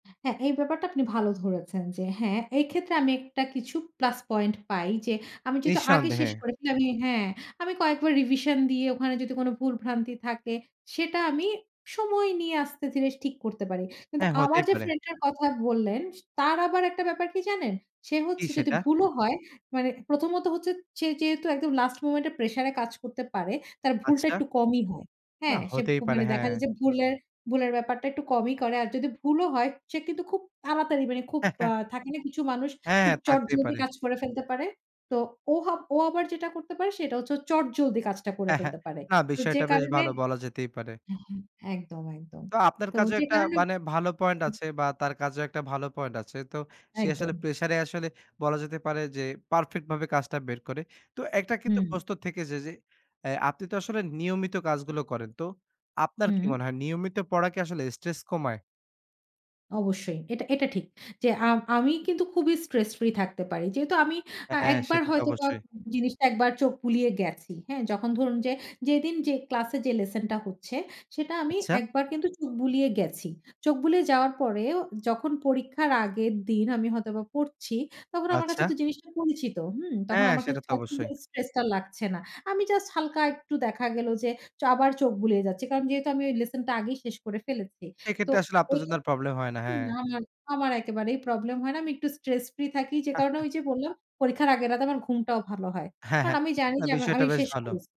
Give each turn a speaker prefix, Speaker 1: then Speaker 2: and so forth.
Speaker 1: হ্যাঁ, এই ব্যাপারটা আপনি ভালো ধরেছেন যে হ্যাঁ, এই ক্ষেত্রে আমি একটা কিছু প্লাস পয়েন্ট পাই, যে আমি যেহেতু আগে
Speaker 2: নিঃসন্দেহে।
Speaker 1: শেষ করেছি আমি হ্যাঁ, আমি কয়েকবার রিভিশন দিয়ে ওখানে যদি কোনো ভুল ভ্রান্তি থাকে, সেটা আমি সময় নিয়ে আস্তে ধীরে ঠিক করতে পারি। কিন্তু
Speaker 2: হ্যাঁ হতেই
Speaker 1: আমার যে
Speaker 2: পারে।
Speaker 1: ফ্রেন্ড টার কথা বললেন, স তার আবার একটা ব্যাপার কি জানেন? সে
Speaker 2: কি
Speaker 1: হচ্ছে যদি
Speaker 2: সেটা?
Speaker 1: ভুলও হয় মানে প্রথমত হচ্ছে সে যেহেতু একদম লাস্ট মোমেন্ট এ প্রেশার এ কাজ করতে পারে তার ভুলটা
Speaker 2: আচ্ছা।
Speaker 1: একটু কমই হয়।
Speaker 2: না
Speaker 1: হ্যাঁ সে ক
Speaker 2: হতেই পারে
Speaker 1: মানে দেখা
Speaker 2: হ্যাঁ।
Speaker 1: যায় যে ভুলের ভুলের ব্যাপারটা একটু কমই করে। আর যদি ভুলও হয় সে কিন্তু খুব তাড়াতাড়ি মানে খুব আ থাকে না কিছু মানুষ
Speaker 2: হ্যাঁ,
Speaker 1: খুব
Speaker 2: থাকতেই
Speaker 1: চটজলদি
Speaker 2: পারে।
Speaker 1: কাজ করে ফেলতে পারে। তো ও ও আবার যেটা করতে পারে সেটা হচ্ছে চটজলদি কাজটা করে ফেলতে পারে।
Speaker 2: না
Speaker 1: তো যে
Speaker 2: বিষয়টা বেশ
Speaker 1: কারণে
Speaker 2: ভালো বলা যেতেই পারে।
Speaker 1: একদম, একদম।
Speaker 2: তো আপনার
Speaker 1: তো
Speaker 2: কাজেও
Speaker 1: যে
Speaker 2: একটা
Speaker 1: কারণে
Speaker 2: মানে ভালো পয়েন্ট
Speaker 1: [unintelligible]
Speaker 2: আছে বা তার কাজেও একটা ভালো পয়েন্ট আছে। তো সে আসলে
Speaker 1: একদম।
Speaker 2: প্রেশার এ আসলে বলা যেতে পারে যে পারফেক্ট ভাবে কাজটা বের করে। তো একটা কিন্তু
Speaker 1: হুম।
Speaker 2: প্রশ্ন থেকে যায় যে এ আপনি তো আসলে নিয়মিত কাজগুলো করেন। তো আপনার কি
Speaker 1: হুম।
Speaker 2: মনে হয় নিয়মিত পড়া কি আসলে স্ট্রেস কমায়।
Speaker 1: অবশ্যই এটা এটা ঠিক যে আ আমি কিন্তু খুবই স্ট্রেস ফ্রি থাকতে পারি। যেহেতু আমি আ
Speaker 2: হ্যাঁ,
Speaker 1: একবার
Speaker 2: সেটা তো
Speaker 1: হয়তোবা
Speaker 2: অবশ্যই।
Speaker 1: জিনিসটা ১ বার চোখ বুলিয়ে গেছি। হ্যাঁ যখন ধরুন যে যেদিন যে ক্লাস এ যে লেসন টা হচ্ছে সেটা আমি
Speaker 2: আচ্ছা।
Speaker 1: ১ বার কিন্তু চোখ বুলিয়ে গেছি। চোখ বুলিয়ে যাওয়ার পরেও যখন পরীক্ষার আগের দিন আমি হয়তোবা পড়ছি তখন আমার কাছে
Speaker 2: আচ্ছা।
Speaker 1: তো জিনিসটা পরিচিত। হুম? তখন
Speaker 2: হ্যাঁ,
Speaker 1: আমার কা
Speaker 2: সেটা তো অবশ্যই।
Speaker 1: স্ট্রেস টা আর লাগছে না। আমি জাস্ট হালকা একটু দেখা গেল যে চ আবার চোখ বুলিয়ে যাচ্ছি। কারণ যেহেতু আমি ঐ লেসন টা আগেই শেষ করে ফেলেছি। তো
Speaker 2: এক্ষেত্রে আসলে
Speaker 1: ঐ
Speaker 2: আপনার জন্য
Speaker 1: খেত
Speaker 2: আর প্রবলেম হয় না, হ্যাঁ।
Speaker 1: না, না, আমার একেবারেই প্রবলেম হয় না। আমি একটু স্ট্রেস ফ্রি থাকি যে কারণে ঐ যে বললাম পরীক্ষার আগের রাতে আমার ঘুমটাও ভালো হয়। কারণ আমি জানি
Speaker 2: না
Speaker 1: যে আমি
Speaker 2: বিষয়টা
Speaker 1: আমি
Speaker 2: বেশ
Speaker 1: শেষ
Speaker 2: ভালো।
Speaker 1: করছি।